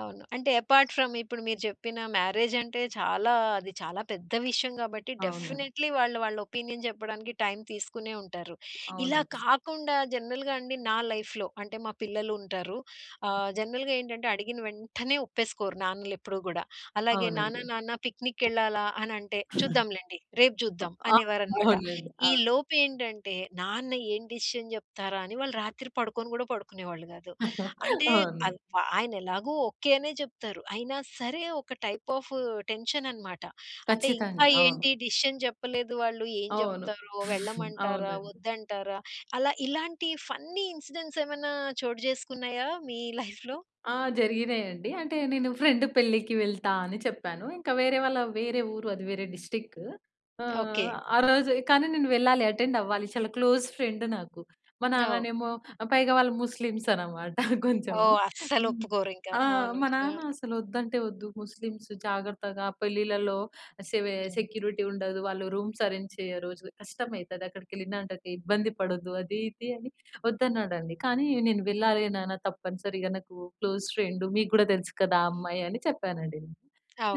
అవును. అంటే apart from ఇప్పుడు మీరు చెప్పిన మ్యారేజ్ అంటే చాలా అది చాలా పెద్ద విషయం గాబట్టి అవునండి. డెఫినేట్‌లీ వాళ్ళు వాళ్ళ ఒపీనియన్ జెప్పడానికి టైమ్ తీసుకునే ఉంటారు. ఇలా అవునండి. కాకుండా జనరల్‌గా అండి నా లైఫ్‌లో అంటే మా పిల్లలుంటారు. ఆహ్, జనరల్‌గా ఏంటంటే అడిగిన వెంటనే ఒప్పేసుకోరు నాన్నలెప్పుడూ గూడా. అలాగే నాన్న అవునండి. నాన్న పిక్నిక్‌కెళ్ళాలా అనంటే, చూద్దాంలెండి. రేపు చూద్దాం అ అనేవారనమాట. అవునండి. ఈ అవును. లోపేంటంటే నాన్న ఏం డెసిషన్ చెప్తారా? అని వాళ్ళు రాత్రి పడుకొను గూడా పడుకునేవాళ్ళు గాదు. అంటే అవును. అవ్ ఆయనేలాగో ఓకే అనే చెప్తారు. అయినా సరే ఒక టైప్ ఆఫ్ టెన్షన్ అన్నమాట. అంటే ఇంకా ఖచ్చితంగా. అవును. ఏంటి డెసిషన్ చెప్పలేదు వాళ్ళు. ఏం అవును. జెప్తారో? వెళ్ళమంటారా? అవునండి. వద్దంటారా? అలా ఇలాంటి ఫన్నీ ఇన్సిడెంట్స్ ఏమన్నా చోటు చేసుకున్నాయా మీ లైఫ్‌లో? ఆ! జరిగినాయండి. అంటే నేను ఫ్రెండ్ పెళ్ళికి వెళ్తా అని చెప్పాను. ఇంకా వేరే వాళ్ళ వేరే ఊరు అది వేరే డిస్ట్రిక్ట్. ఓకే. ఆహ్, ఆ రోజే కానీ నేను వెళ్ళాలి అటెండ్ అవ్వాలి చాలా క్లోజ్ ఫ్రెండ్ నాకు. మా ఓహ్! నాన్ననేమో పైగా వాళ్ళు ముస్లిమ్స్ అన్నమాట కొంచెము. ఓహ్! హ్మ్. అస్సలొప్పుకోరు ఇంకా. ఆ! మా అవును.హ్మ్. నాన్న అసలొద్దంటే ఒద్దు, ముస్లిమ్స్ జాగ్రత్తగా పెళ్ళిలలో సేవె సెక్యూరిటీ ఉండదు. వాళ్ళు రూమ్స్ అరేంజ్ చెయ్యరు. కష్టం అయితది అక్కడికెళ్ళినా అంటే ఇబ్బంది పడొద్దు అది, ఇది అని వొద్దన్నాడండి. కానీ నేను వెళ్ళాలి నాన్న తప్పనిసరిగా నాకు క్లోజ్ ఫ్రెండు. మీకు గూడా తెలుసు కదా ఆ అమ్మాయని చెప్పానండి.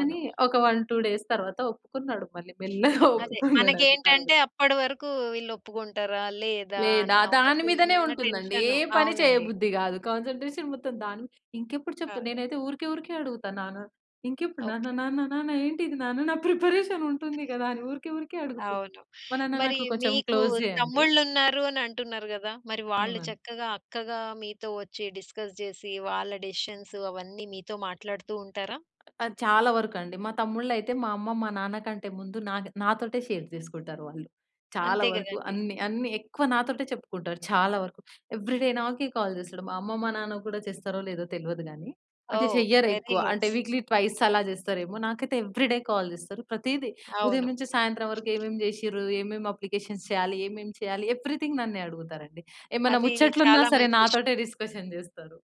కానీ, ఒక 1, 2 డేస్ తరువాత ఒప్పుకున్నాడు మళ్ళీ మెల్లగా అదే. ఒప్పుకున్నాడండి తరవాత. మనకేంటంటే అప్పడి వరకు వీళ్లొప్పుకుంటారా? లేదా? లేదా, అన్న ఒక దాని మీదనే చిన్న ఉంటుందండి. ఏ టెన్షను. పని చేయ అవునండి. బుద్ధి గాదు. కాన్‌సన్ట్రే‌షన్ మొత్తం దాని ఇంకెప్పుడు చెప్తా అదే. నేనైతే ఊరికే, ఊరికే అడుగుతాను నాన్న ఇంకెప్పుడు నాన్న, ఓకే. నాన్న, నాన్న ఏంటిది నాన్న నా ప్రిపరేషన్ ఉంటుంది గదా! అని ఊరికే, ఊరికే అడుగుతున్నా. అవును. మా నాన్న మరి నాకు కొంచెం మీకు క్లోజే అండి. తమ్ముళ్ళున్నారు అనంటున్నారు గదా! మరి వాళ్ళు అవునండి. చక్కగా అక్కగా మీతో వచ్చి డిస్కస్ జేసి వాళ్ళ డెసిషన్స్ అవన్నీ మీతో మాట్లాడుతూ ఉంటారా? అది చాలా వరకండి. మా తమ్ముళ్ళైయితే మా అమ్మ, మా నాన్న కంటే ముందు నా నాతోటే షేర్ జేసుకుంటారు వాళ్ళు. చాలా అంతే వరకు గదండీ! అన్ని, అన్ని ఎక్కువ నాతోటే చెప్పుకుంటారు చాలా వరకు. ఎవ్రి‌డే నాకే కాల్ జేస్తాడు. మా అమ్మ మా నాన్నకు గూడా చేస్తారో లేదో తెల్వదు గానీ. అంటే ఓహ్! చెయ్యరు వెరీ ఎక్కువ. అంటే గుడ్. వీక్లీ ట్వైస్ అలా జేస్తరేమో, నాకైతే ఎవ్రిడే కాల్ జేస్తరు. ప్రతీది ఉదయం అవును. నుంచి సాయంత్రం వరకు ఏమేమి చేషిర్రు, ఏమేమి అప్లికేషన్స్ చేయాలి, ఏమేమి చేయాలి, ఎవ్రిథింగ్ నన్నే అడుగుతారండి. ఏమన్నా అది ముచ్చట్లున్నా చాలా సరే మంచి విషయం. నాతోటే డిస్కషన్ జేస్తరు.